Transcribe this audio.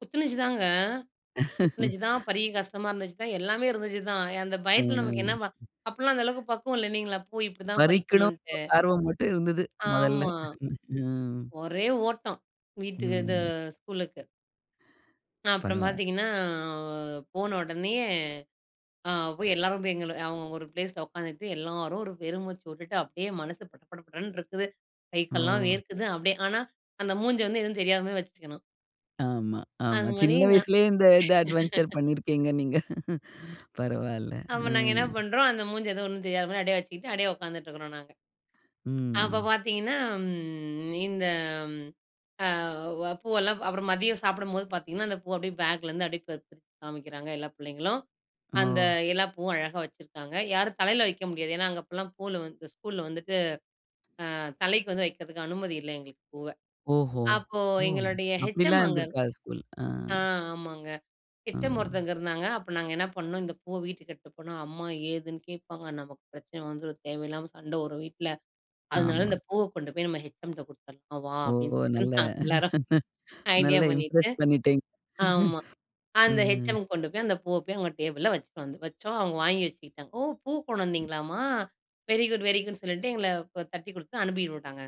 குத்துனுச்சுதாங்க குத்துனுச்சுதான் பெரிய கஷ்டமா இருந்துச்சுதான். எல்லாமே இருந்துச்சுதான். அந்தப் பயத்துல நமக்கு ம். என்ன அப்பல்லாம் அந்த அளவுக்குப் பக்குவம் இல்லீங்களா, போய் இப்படி தான் பறிக்கணும்னு பறிக்கணுன்டு. ஒரு ஆர்வம் மட்டும் இருந்தது மொதல்ல. ஆமா. ம், ஒரே ஓட்டம். வீட்டுக்கு இது ம். ஸ்கூலுக்கு. அப்புறம் பரவால்ல! பாத்தீங்கன்னா போன உடனயே ஆ போய் எல்லாரும் போய் எங்கள அவுங்கவுங்க ஒரு ப்லேஸ்ல உக்காந்துட்டு எல்லாரும் ஒரு பெருமூச்சு விட்டுட்டு அப்டியே மனசு பட படன்னு இருக்குது. கைக்கால் எல்லாம் ஓ! வேர்க்குது அப்டியே. ஆனா, அந்த மூஞ்ச எதுவும் தெரியாத மாதிரி வச்சுக்கணும். ஆமா, ஆமா. அது மாதிரி சின்ன நான். வயசுலயே இந்த இந்த அட்வென்ட்ச்சர் பண்ணிருக்கீங்க நீங்க. பரவாயில்ல. அப்ப அ. நாங்க என்ன பண்றோம். அந்த மூஞ்சுல எதுவும் ஒண்ணும் தெரியாத மாதிரி வெச்சுக்கிட்டு அப்டியே உக்காந்துட்டு இருக்கோம் நாங்க. அப்பப் ம். பாத்தீங்கன்னா ம் இந்த ஆ வ பூவல்லாம் அப்புறம் மதியம் சாப்பிடும்போது பாத்தீங்கன்னா, அந்தப் பூ அப்டியே பேக்லருந்து அப்டியே க காமிக்கிறாங்க எல்லா புள்ளைங்களும். அந்த ஓ! எல்லா பூவும் அழகா வச்சிருக்காங்க. யாரும் தலையில வைக்க முடியாது. அங்க அப்டிலாம் பூவல்லாம் ஸ்கூல்ல வந்துட்டு, ஆ தலைக்கு வந்து வைக்கிறதுக்கு அனுமதி இல்ல எங்களுக்குப் பூவ. ஓஹோ! அப்போ ஓ! எங்களோடய ஹெச். எம் அப்டில்லாம் அங்க இருந்திருக்கா ஸ்கூல்? அ, அ ஆமாங்க. அ. ஹெச். எம் ஒருத்தங்க இருந்தாங்க. அப்ப நாங்க என்ன பண்ணோம். இந்தப் பூவ வீட்டுக்கு எடுத்துட்டு போனா அம்மா ஏதுன்னு கேப்பாங்க. நமக்குப் பிரச்சனை வந்துரும். தேவையில்லாம சண்டை வரும் வீட்ல. அதனால ஆமா. அந்தப் பூவ கொண்டு போய் நம்ம ஹெச். எம் குடுத்தரணும் வா. ஓ! அப்டின்னு நல்லா, நாங்க எல்லாரும் ஐடியா நல்லா பண்ணிட்டு. இம்ப்ரெஸ் பண்ணிட்டீங்க, ஆமா அந்த ஹெச். ம். எம்.க்கு கொண்டு போய் அந்தப் பூவ அவங்க டேபிள்ல வச்சி வந்தோம். வச்சோம். அவுங்க வாங்கி வச்சுக்கிட்டாங்க. ஓ! பூ கொண்டு வந்தீங்களா மா வெரிகுட் வெரிகுட்ன்னு சொல்லிட்டு எங்கள தட்டி குடுத்துட்டு அனுப்பிவிட்டாங்க.